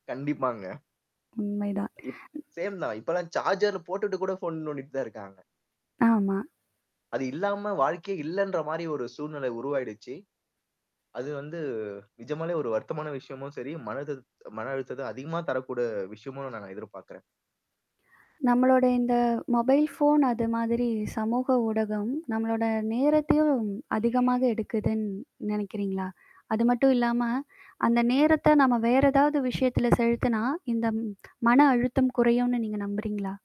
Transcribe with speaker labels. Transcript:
Speaker 1: கண்டிப்பாங்க.
Speaker 2: உண்மைதான்.
Speaker 1: இப் சேம் தான். இப்பலாம் சார்ஜர்ல போட்டுட்டு கூட ஃபோன் நோண்டிட்டு தான் இருக்காங்க.
Speaker 2: ஆமா.
Speaker 1: அது இல்லாம வாழ்க்கையே இல்லன்ற மாரி ஒரு சூழ்நிலை உருவாயிடுச்சு. அது வந்து நிஜமாலே ஒரு வருத்தமான விஷயமும் சரி, மன அழுதத் மன அழுத்தத்த அதிகமா தரக்கூடிய விஷயமுமா நான் எதிர்பார்க்குறேன்.
Speaker 2: நம்மளோட இந்த மொபைல் ஃபோன் அது மாதிரி சமூக ஊடகம், நம்மளோட நேரத்தையும் அதிகமாக எடுக்குதுன்னு நெனைக்கிறீங்களா? அது மட்டும் இல்லாம, அந்த நேரத்த நம்ம வேற ஏதாவது விஷயத்தில செலுத்துனா, இந்த ம் மன அழுத்தம் குறையும்ன்னு நீங்க நம்புறீங்களா?